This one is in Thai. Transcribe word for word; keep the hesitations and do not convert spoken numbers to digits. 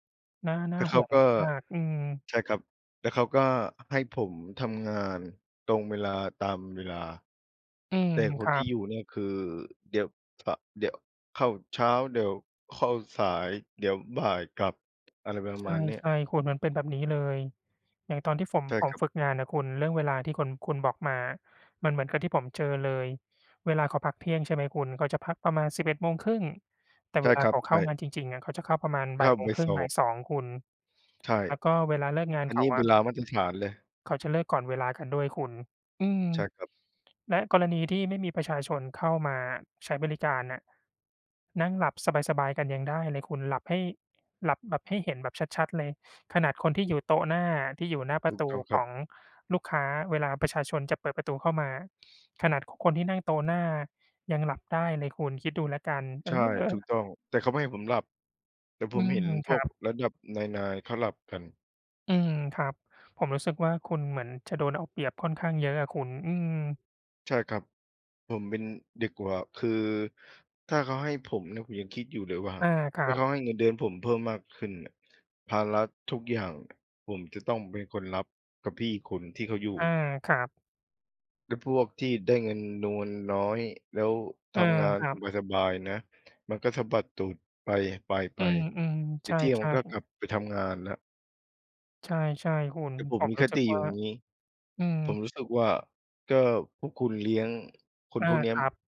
น่า นแ่ตา่เขห่าวงก็ มาก ๆ อืม ใช่ครับ แล้วเขาก็ให้ผมทำงานตรงเวลา ตามเวลา อืม แต่คคนรัที่อบ ยู่เนี่ยคือ เดี๋ยว ฝ เดี๋ยวเข้าเช้า เดี๋ยวเข้าสาย เดี๋ยวบ่ายกลับ อะไรประใมาณเนี้ย ช่ ๆ คุณ มันเป็นแบบนี้เลย อย่างตอนที่ฝม ใช่ผคมรับ ฝึกงานน่ะคุณ เรื่องเวลาที่คุณ คุณบอกมามันเหมือนกับที่ผมเจอเลย เวลาเขาพักเที่ยง ใช่ไหมคุณ เขาจะพักประมาณ สิบเอ็ดโมงครึ่ง แต่ใชเ่วลาครัเขบ าเใขช้าง่ านจริง ๆ อะ เขาจะเข้าประมาณ เบข่าย้าโมไงปครึ่สงอบ่ายบ สอง คุณ ใช่ แล้วก็เวลาเลิกงานอัเนขนีา้อเวะ ลามาตรฐานเลย เขาจะเลิกก่อนเวลากันด้วยคุณ อืม ใช่ครับ และกรณีที่ไม่มีประชาชนเข้ามาอะ ใช้บริการน่ะ นั่งหลับสบาย ๆ กันยังได้เลยคุณ หลับให้ หลับแบบให้เห็นแบบชัด ๆ เลย ขนาดคนที่อยู่โต๊ะหน้า ที่อยู่หน้าปรถูะกตูต้องคขรับ องลูกค้าเวลาประชาชนจะเปิดประตูเข้ามา ขนาดคนที่นั่งโต๊ะหน้ายังหลับได้เลยคุณคิดดูแล้วกัน เอใช่ ถูกอ ต้อง แต่เขาไม่ให้ผมหลับ แต่อผืมเหม ็นคพรวักบ ระดับนาย ๆ เขาหลับกัน อืม ครับ ผมรู้สึกว่า คุณเหมือนจะโดนเอาเปรียบค่อนข้างเยอะอะคุณ อืม ใช่ครับ ผมเป็นเด็กกว่า คือถ้าเขาให้ผมเนี่ย ผมยังคิดอยู่เลยว่า อา ครถั้าเขบ าให้เงินเดือนผมเพิ่มมากขึ้นน่ะ ภาระทุกอย่างผมจะต้องเป็นคนรับกับพี่อีกคนที่เขาอยู่ อา ครับ แล้วพวกที่ได้เงินนวลน้อย แล้วทอา ำงานครับ สบาย ๆ นะ มันก็สะบัดตูดไป ๆ ๆ ไอืป ม ๆ ใชเที่ยงมัน่ ก็กๆ ลับไปทำงานแล้ว ใช่ ๆ คุณ แต่ผผมมมีรคู้สึติกอยวู่่า อย่างงี้ อืผม มรู้สึกว่า ก็พวกคุณเลี้ยงคอนา พวกเนี้คย รัม บ